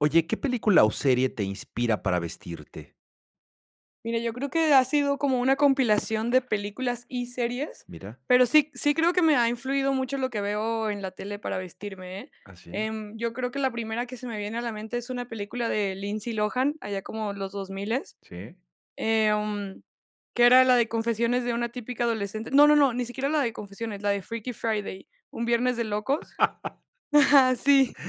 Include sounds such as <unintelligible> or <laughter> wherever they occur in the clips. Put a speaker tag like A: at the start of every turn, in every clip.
A: Oye, ¿qué película o serie te inspira para vestirte?
B: Mira, yo creo que ha sido como una compilación de películas y series,
A: Mira.
B: pero sí, sí creo que me ha influido mucho lo que veo en la tele para vestirme, ¿eh?
A: ¿Ah, sí?
B: Em, yo creo que la primera que se me viene a la mente es una película de Lindsay Lohan, allá como los 2000,
A: Sí.
B: em, que era la de Confesiones De Una Típica Adolescente No no no ni siquiera la de confesiones, la de Freaky Friday, Un Viernes de Locos.
A: <laughs>
B: Ajá, sí.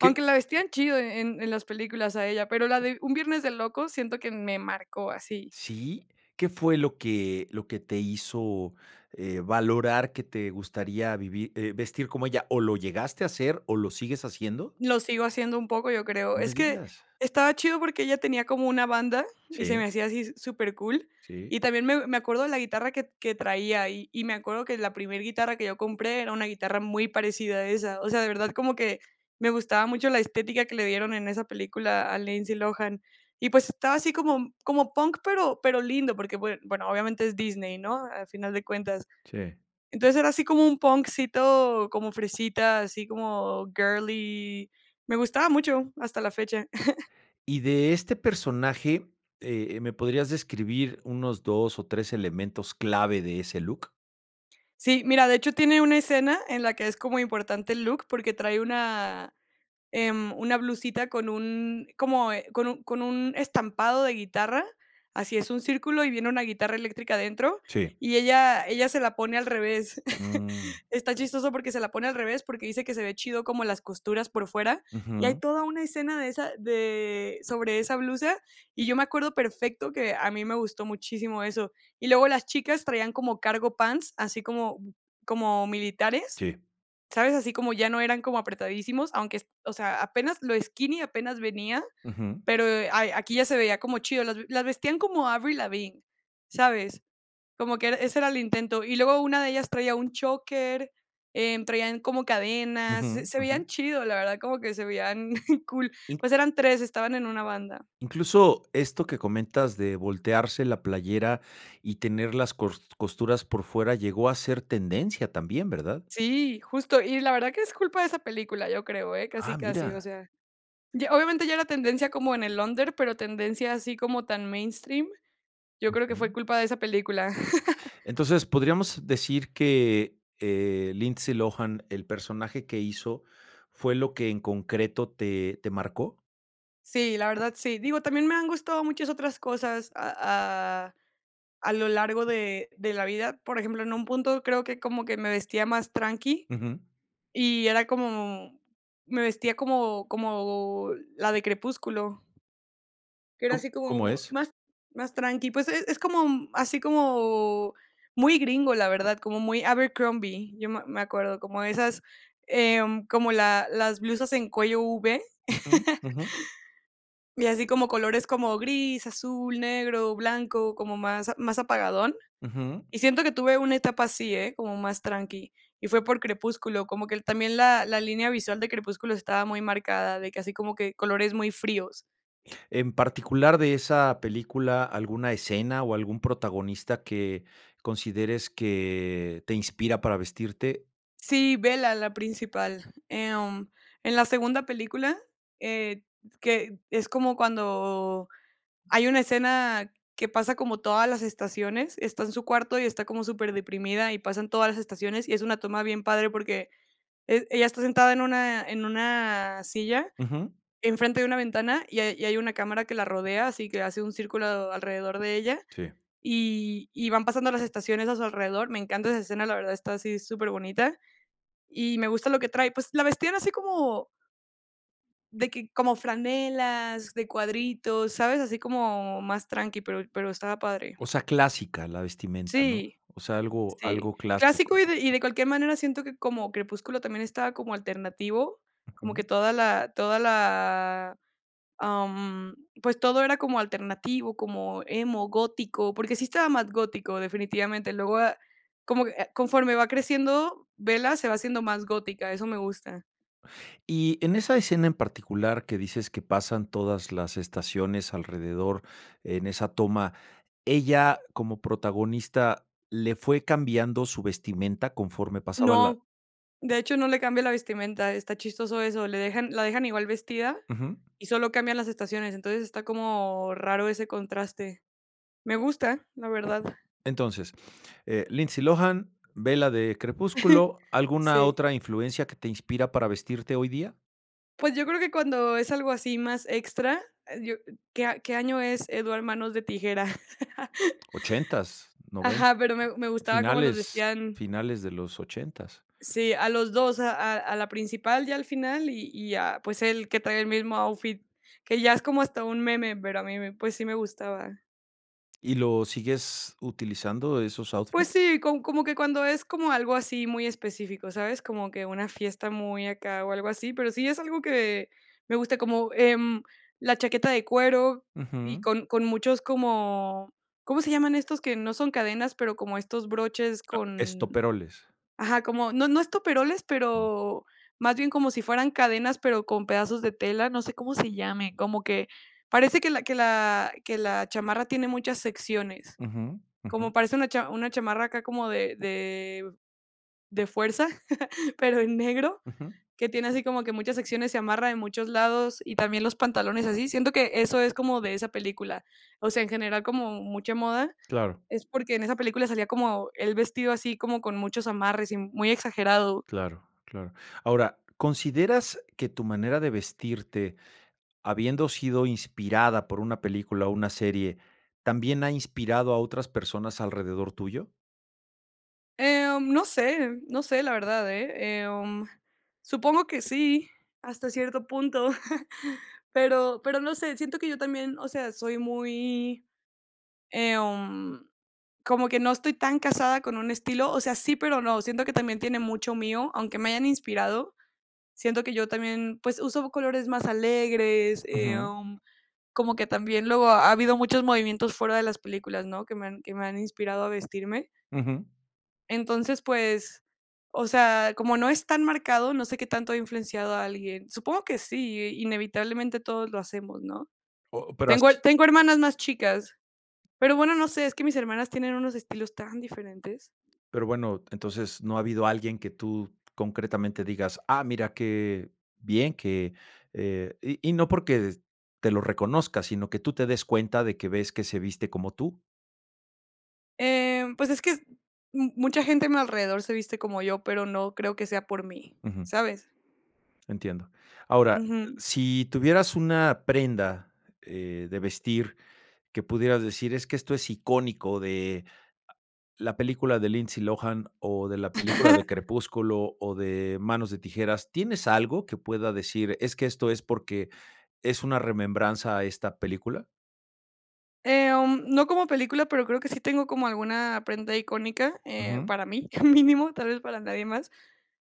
A: ¿Qué?
B: la vestían chido e en en las películas a ella, pero la de Un Viernes de Locos siento que me marcó así.
A: ¿Sí? ¿Qué fue lo que lo que te hizo, eh, valorar que te gustaría vivir eh, vestir como ella? ¿O lo llegaste a hacer, o lo sigues haciendo?
B: Lo sigo haciendo un poco, yo creo.
A: No me
B: Es que,
A: digas.
B: estaba chido, porque ella tenía como una banda, y se me
A: Sí.
B: hacía así s supercool,
A: Sí.
B: y también me me acuerdo de la guitarra que que traía ahí, y y me acuerdo que la primer guitarra que yo compré era una guitarra muy parecida a esa. O sea, de verdad como que me gustaba mucho la estética que le dieron en esa película a Lindsay Lohan, y pues estaba así como como punk, pero pero lindo, porque bue bueno, obviamente es Disney, ¿no? Al final de cuentas.
A: Sí.
B: Entonces, era así como un punkcito como fresita, así como girly. Me gustaba mucho, hasta la fecha. <laughs>
A: Y de este personaje, eh eh, ¿me podrías describir unos 2 o 3 elementos clave de ese look?
B: Sí, mira, de hecho, tiene una escena en la que es como importante el look, porque trae una, em, una blusita con un como, eh con un con un estampado de guitarra, así es un círculo, y viene una guitarra eléctrica adentro,
A: Sí.
B: y ella ella se la pone al revés. <chuckles>
A: Mm.
B: Está chistoso porque se la pone al revés, porque dice que se ve chido como las costuras por fuera, y hay
A: Ujú.
B: toda una escena de esa de sobre esa blusa, y yo me acuerdo perfecto que a mí me gustó muchísimo eso. Y luego las chicas traían como cargo pants, así como como militares,
A: Sí.
B: ¿sabes? Así como ya no eran como apretadísimos, aunque o sea, apenas lo skinny apenas venía,
A: Ujú.
B: pero, eh, a aquí ya se veía como chido, las las vestían como Avril Lavigne, ¿sabes? Como que ese era el intento, y luego una de ellas traía un choker, em, traían como cadenas, se
A: Ujú
B: se
A: ujú.
B: veían chido, la verdad, como que se veían <chuckles> cool,
A: Y
B: pues eran 3, estaban en una banda.
A: Incluso esto que comentas de voltearse la playera y tener las cors costuras por fuera llegó a ser tendencia también, ¿verdad?
B: Sí, justo, y la verdad que es culpa de esa película, yo creo, eh, casi
A: ¡Ah,
B: casi, o
A: mira!
B: sea, y obviamente ya era tendencia como en el under, pero tendencia, así como tan mainstream, yo creo que fue
A: Ujú.
B: culpa de esa película. <laughs>
A: Entonces, podríamos decir que, eh, Lindsay Lohan, el personaje que hizo, ¿fue lo que en concreto te te marcó?
B: Sí, la verdad sí. Digo, también me han gustado muchas otras cosas a a a lo largo de de la vida. Por ejemplo, en un punto, creo que como que me vestía más tranqui
A: Ujú.
B: y era como me vestía como como la de crepúsculo. Que era así
A: ¿Co cómo
B: como
A: es?
B: más más tranqui, pues es es como, mm, así como muy gringo, la verdad, como muy Abercrombie, yo me me acuerdo, como esas, em, como la las blusas en cuello v, <chuckles>
A: Ujú, ujú.
B: y así como colores como gris, azul, negro, blanco, como más a más apagadón.
A: Ujú.
B: Y siento que tuve una etapa así, ¿eh?, como más tranqui, y fue por Crepúsculo, como que el también la la línea visual de Crepúsculo estaba muy marcada, de que así como que colores muy fríos.
A: En particular de esa película, ¿alguna escena o algún protagonista que consideres que te inspira para vestirte?
B: Sí, Bella, la principal. Em, en la segunda película, eh, s que es como cuando hay una escena que pasa como todas las estaciones, está en su cuarto y está como superdeprimida, y pasan todas las estaciones, y es una toma bien padre porque e ella está sentada en una en una silla,
A: Ujú.
B: enfrente de una ventana, y hay y hay una cámara que la rodea, así que hace un círculo alrededor de ella,
A: Sí.
B: y y van pasando las estaciones a su alrededor. Me encanta esa escena, la verdad está así superbonita y me gusta lo que trae. Pues, la vestían así como de que como franelas de cuadritos, ¿sabes? Así como más tranqui, pero pero estaba padre.
A: O sea, clásica la vestimenta, ¿no?
B: Sí,
A: O sea, algo
B: sí.
A: algo
B: Clásico
A: clásico.
B: y de y de cualquier manera siento que como Crepúsculo también estaba como alternativo, como que
A: Ujú.
B: toda la toda la, am, pues todo era como alternativo, como emo, gótico, porque sí estaba más gótico definitivamente. Luego de ah, como que ah, conforme va creciendo, Bella se va haciendo más gótica, eso me gusta.
A: Y en esa escena en particular que dices que pasan todas las estaciones alrededor en esa toma, ¿ella como protagonista le fue cambiando su vestimenta conforme pasaba la
B: No. De hecho, no le cambia la vestimenta. Está chistoso eso. Le dejan la dejan igual vestida
A: Ujú.
B: y solo cambian las estaciones. Entonces, está como raro ese contraste. Me gusta, la verdad.
A: Entonces, eh Lindsay Lohan, Bella de
B: <chuckles>
A: Crepúsculo, ¿alguna
B: Sí.
A: otra influencia que te inspira para vestirte hoy día?
B: Pues, yo creo que cuando es algo así más extra, eh yo ¿qué- qué año es Edward, Manos de Tijera? <chuckles>
A: Ochentas noven
B: Ajá, pero me me gustaba cómo los
A: finales-
B: vestían
A: finales de los ochentas.
B: Sí, a los dos, a a a la principal ya al final, y y a, pues, él que trae el mismo outfit, que ya es como hasta un meme, pero a mí me pues, sí me gustaba.
A: ¿Y los sigues utilizando esos
B: Pues
A: outfits?
B: sí, com como que cuando es como algo así muy específico, ¿sabes? Como que una fiesta muy acá o algo así, pero sí es algo que me gusta, como, em, la chaqueta de cuero y
A: Ujú.
B: con con muchos como ¿cómo se llaman estos que no son cadenas, pero como estos broches? con
A: Estoperoles.
B: ajá, como, no no estoperoles, pero más bien como si fueran cadenas, pero con pedazos de tela, no sé cómo se llame, como que parece que la que la que la chamarra tiene muchas secciones.
A: Ujú,
B: Como
A: ujú.
B: parece una cham una chamarra acá como de de de fuerza, <chuckles> pero en negro,
A: Ujú.
B: que tiene así como que muchas secciones, se amarra en muchos lados, y también los pantalones así. Siento que eso es como de esa película. O sea, en general, como mucha moda,
A: Claro.
B: es porque en esa película salía como él vestido así, como con muchos amarres y muy exagerado.
A: Claro, claro. Ahora, ¿consideras que tu manera de vestirte, habiendo sido inspirada por una película o una serie, también ha inspirado a otras personas alrededor tuyo?
B: Em, no sé, no sé, la verdad, eh, em. Supongo que sí, hasta cierto punto. <chuckles> Pero pero no sé, siento que yo también, o sea, soy muy, em, como que no estoy tan casada con un estilo. O sea, sí, pero no, siento que también tiene mucho mío, aunque me hayan inspirado. Siento que yo también, pues, uso colores más alegres.
A: Ujú.
B: Em, como que también luego, ha habido muchos movimientos fuera de las películas, ¿no?, que me han que me han inspirado a vestirme.
A: Ujú.
B: Entonces, pues, o sea, como no es tan marcado, no sé qué tanto he influenciado a alguien. Supongo que sí, e inevitablemente todos lo hacemos, ¿no?
A: Oh, pero, has
B: Tengo
A: <unintelligible>
B: tengo hermanas más chicas, pero, bueno, no sé, es que mis hermanas tienen unos estilos tan diferentes.
A: Pero, bueno, entonces, ¿no ha habido alguien que tú concretamente digas: "Ah, mira qué bien, que", eh, y y no porque te lo reconozca, sino que tú te des cuenta de que ves que se viste como tú?
B: Em, pues es que es mu mucha gente a mi alrededor se viste como yo, pero no creo que sea por mí,
A: Ujú.
B: ¿sabes?
A: Entiendo. Ahora,
B: Ujú.
A: si tuvieras una prenda, eh, de vestir, que pudieras decir: "Es que esto es icónico de la película de Lindsay Lohan o de la película de
B: <chuckles>
A: Crepúsculo o de Manos de tijeras", ¿tienes algo que pueda decir, es que esto es porque es una remembranza a esta película?
B: Em, no como película, pero creo que sí tengo como alguna prenda icónica, eh,
A: Ujú.
B: para mí, <chuckles> mínimo, tal vez para nadie más.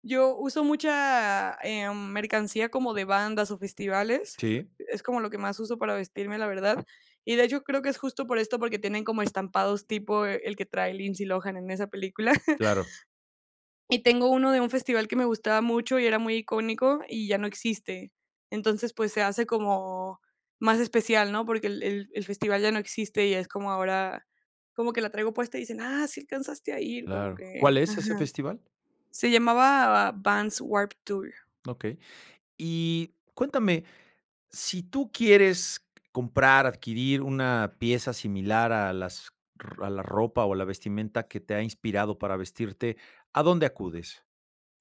B: Yo uso mucha, ah, mm, mercancía como de bandas o festivales,
A: Sí.
B: e es como lo que más uso para vestirme, la verdad. Y, de hecho, creo que es justo por esto, porque tienen como estampados tipo el que trae Lindsay Lohan en esa película. <chuckles>
A: Claro.
B: Y tengo uno de un festival que me gustaba mucho y era muy icónico y ya no existe. Entonces, pues se hace como más especial, ¿no?, porque el el el festival ya no existe y es como ahora, como que la traigo puesta y dicen: "¡Ah, sí alcanzaste a ir!", como
A: Claro.
B: que
A: ¿Cuál es ese
B: ajá.
A: festival?
B: Se llamaba Vans Warped Tour.
A: Okey. Y cuéntame, si tú quieres comprar, adquirir una pieza similar a las r a la ropa o a la vestimenta que te ha inspirado para vestirte, ¿a dónde acudes?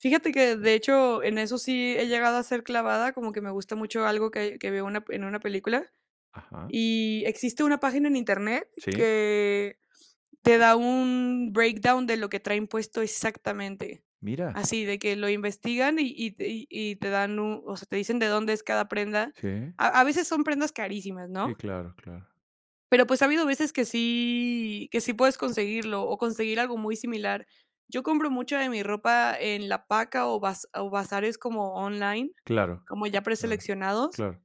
B: Fíjate que de hecho en eso sí he llegado a ser clavada, como que me gusta mucho algo que hay que veo una en una película,
A: Ajá.
B: y existe una página en Internet
A: Sí.
B: que te da un breakdown de lo que traen puesto exactamente,
A: Mira.
B: así de que lo investigan y y t y y te dan un, o sea, te dicen de dónde es cada prenda.
A: Sí.
B: A a veces son prendas carísimas,
A: Sí,
B: ¿no?
A: claro, claro.
B: Pero, pues, ha habido veces que sí que sí puedes conseguirlo o conseguir algo muy similar. Yo compro mucha de mi ropa en la paca o baz o bazares como online,
A: Claro,
B: como ya
A: claro,
B: preseleccionados.
A: claro.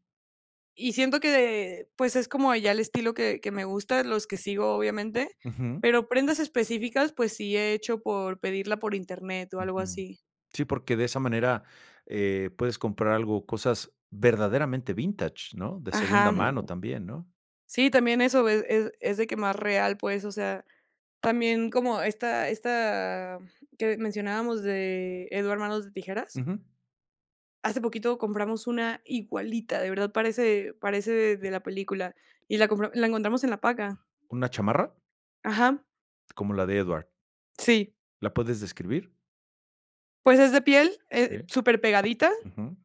B: Y siento que de pues, es como ya el estilo que que me gusta, los que sigo, obviamente.
A: Ujú.
B: Pero prendas específicas, pues, sí he hecho por pedirla por Internet o algo
A: Ujú.
B: así.
A: Sí, porque de esa manera eh puedes comprar algo, cosas verdaderamente vintage, ¿no?, de segunda
B: Ajá.
A: mano también, ¿no?
B: Sí, también eso es es es de que más real, pues, o sea, también como esta esta, mm que mencionábamos de Edward Manos de Tijeras
A: Ujú.
B: hace poquito compramos una igualita, de verdad parece parece de la película, y la compra la encontramos en la paca.
A: ¿Una chamarra?
B: Ajá.
A: Como la de Edward.
B: Sí.
A: ¿La puedes describir?
B: Pues es de piel, eh,
A: Okey.
B: súper pegadita,
A: Ujú.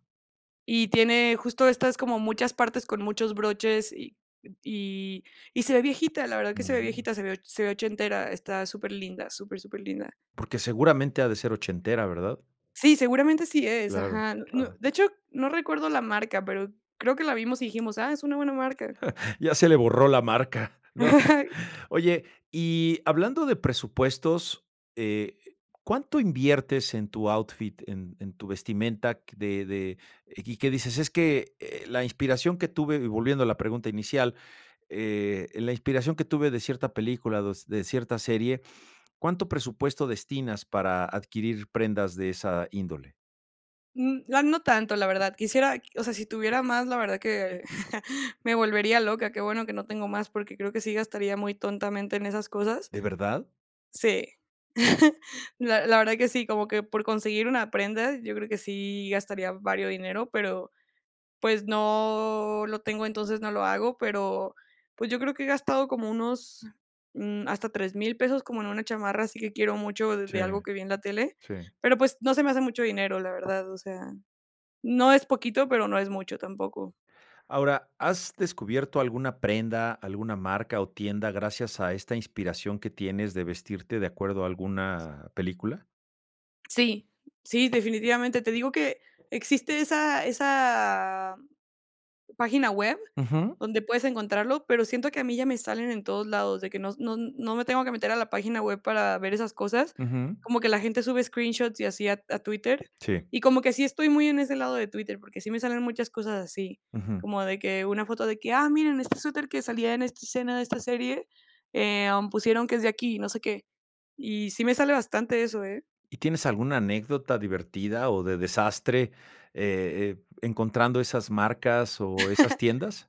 B: y tiene justo estas como muchas partes con muchos broches y y y se ve viejita, la verdad que se ve
A: Mm.
B: viejita, se ve o se ve ochentera, está superlinda, súper, superlinda.
A: Porque seguramente ha de ser ochentera, ¿verdad?
B: Sí, seguramente sí es,
A: Claro,
B: ajá. N no,
A: claro.
B: de hecho, no recuerdo la marca, pero creo que la vimos y dijimos ah, es una buena marca.
A: <chuckles> Ya se le borró la marca, <chuckles> ¿no?
B: <chuckles>
A: Oye, y hablando de presupuestos, eh, ¿cuánto inviertes en tu outfit, en en tu vestimenta q de de, y que dices: "Es que, eh, la inspiración que tuve"?, volviendo a la pregunta inicial, eh: "la inspiración que tuve de cierta película d s de cierta serie", ¿cuánto presupuesto destinas para adquirir prendas de esa índole?
B: N ah, no tanto, la verdad. Quisiera, o sea, si tuviera más, la verdad que <chuckles> me volvería loca. Qué bueno que no tengo más, porque creo que sí gastaría muy tontamente en esas cosas
A: ¿De verdad?
B: Sí. <chuckles> La la verdad que sí, como que por conseguir una prenda, yo creo que sí gastaría vario dinero, pero, pues, no lo tengo, entonces no lo hago, pero, pues, yo creo que he gastado como unos, mm, hasta 3000 pesos, como en una chamarra, así que quiero mucho de
A: Sí.
B: de algo que vi en la tele.
A: Sí.
B: Pero, pues, no se me hace mucho dinero, la verdad. O sea, no es poquito, pero no es mucho tampoco.
A: Ahora, ¿has descubierto alguna prenda, alguna marca o tienda gracias a esta inspiración que tienes de vestirte de acuerdo a alguna película?
B: Sí. Sí, definitivamente. Te digo que existe esa esa página web
A: Ujú.
B: donde puedes encontrarlo, pero siento que a mí ya me salen en todos lados, de que no no no me tengo que meter a la página web para ver esas cosas,
A: Ujú.
B: como que la gente sube screenshots y así a T a Twitter,
A: Sí.
B: y como que sí estoy muy en ese lado de Twitter, porque sí me salen muchas cosas así.
A: Ujú.
B: Como de que una foto de que: "¡Ah, miren, este suéter que salía en esta escena de esta serie, em, pusieron que es de aquí y no sé qué". Y sí me sale bastante eso, ¿eh?
A: ¿Y tienes alguna anécdota divertida o de desastre e e encontrando esas marcas o esas
B: <chuckles>
A: tiendas?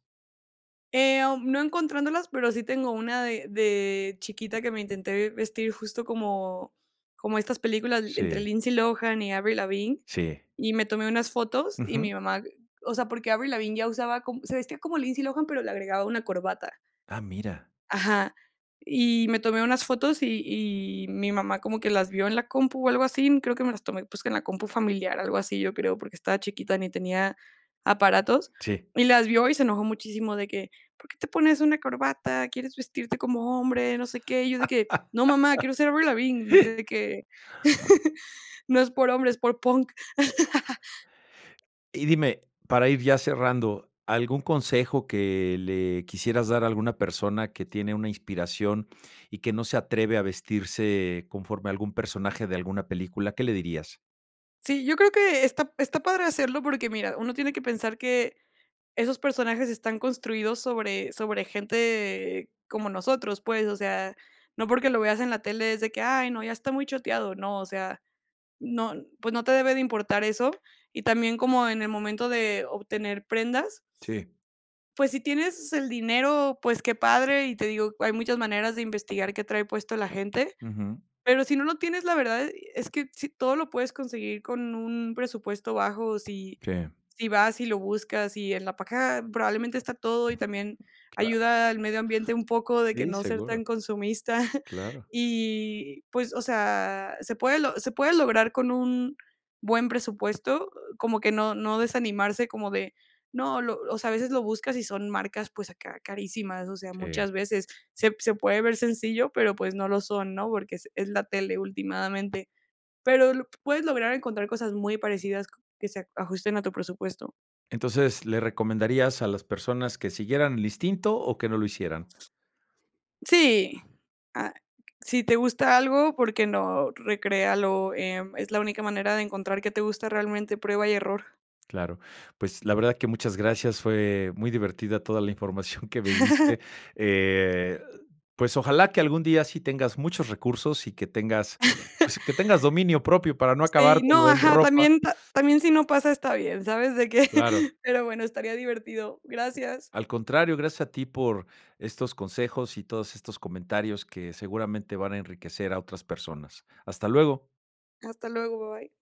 B: Em, no encontrándolas, pero sí tengo una de de chiquita que me intenté vestir justo como como estas películas le entre
A: Sí.
B: Lindsay Lohan y Avril Lavigne,
A: Sí.
B: y me tomé unas fotos y
A: Ujú.
B: mi mamá, o sea, porque Avril Lavigne ya usaba co se vestía como Lindsay Lohan, pero le agregaba una corbata.
A: Ah, mira.
B: Ajá. Y me tomé unas fotos y y mi mamá como que las vio en la compu o algo así, creo que me las tomé, pues que en la compu familiar, algo así, yo creo, porque estaba chiquita ni tenía aparatos,
A: Sí.
B: y las vio y se enojó muchísimo de que: "¿Por qué te pones una corbata? ¿Quieres vestirte como hombre? No sé qué". Y yo de que: "No mamá,
A: <laughs>
B: quiero ser Avril Lavigne". De que: <chuckles> "No es por hombre, es por punk". <chuckles>
A: Y dime, para ir ya cerrando, ¿algún consejo que le quisieras dar a alguna persona que tiene una inspiración y que no se atreve a vestirse conforme a algún personaje de alguna película? ¿Qué le dirías?
B: Sí, yo creo que está está padre hacerlo, porque mira, uno tiene que pensar que esos personajes están construidos sobre sobre gente como nosotros, pues. O sea, no porque lo veas en la tele, es de que: "Ay no, ya está muy choteado". No, o sea, no pues no te debe de importar eso. Y también como en el momento de obtener prendas
A: Sí.
B: pues si tienes el dinero, pues qué padre, y te digo, hay muchas maneras de investigar qué trae puesto la gente.
A: Ujú.
B: Pero si no lo tienes, la verdad e es que sí, todo lo puedes conseguir con un presupuesto bajo, si
A: Sí.
B: si vas y lo buscas, y en la página probablemente está todo, y también
A: Claro.
B: ayuda al medio ambiente un poco de que
A: Sí,
B: no ser
A: seguro.
B: tan consumista. <chuckles>
A: Claro.
B: Y, pues, o sea, se puede lo se puede lograr con un buen presupuesto, como que no no desanimarse como de, no, lo o sea, a veces lo buscas y son marcas, pues acá, carísimas, o sea,
A: Sí.
B: muchas veces se se puede ver sencillo, pero, pues no lo son, ¿no? Porque se es la tele ultimadamente. Pero lo puedes lograr encontrar cosas muy parecidas qu que se ajusten a tu presupuesto.
A: Entonces, ¿le recomendarías a las personas que siguieran el instinto o que no lo hicieran?
B: Sí ah, si te gusta algo, ¿por qué no? Recréalo, em, es la única manera de encontrar qué te gusta realmente, prueba y error.
A: Claro. Pues, la verdad que muchas gracias. Fue muy divertida toda la información que me diste.
B: <chuckles>
A: Eh, pues ojalá que algún día sí tengas muchos recursos y que tengas
B: <chuckles>
A: pues que tengas dominio propio para no
B: Sí, no,
A: acabártelo en
B: ajá,
A: ropa.
B: también pa también si no pasa, está bien, ¿sabes? De que
A: Claro.
B: Pero bueno, estaría divertido. Gracias.
A: Al contrario, gracias a ti por estos consejos y todos estos comentarios que seguramente van a enriquecer a otras personas. Hasta luego.
B: Hasta luego, bye.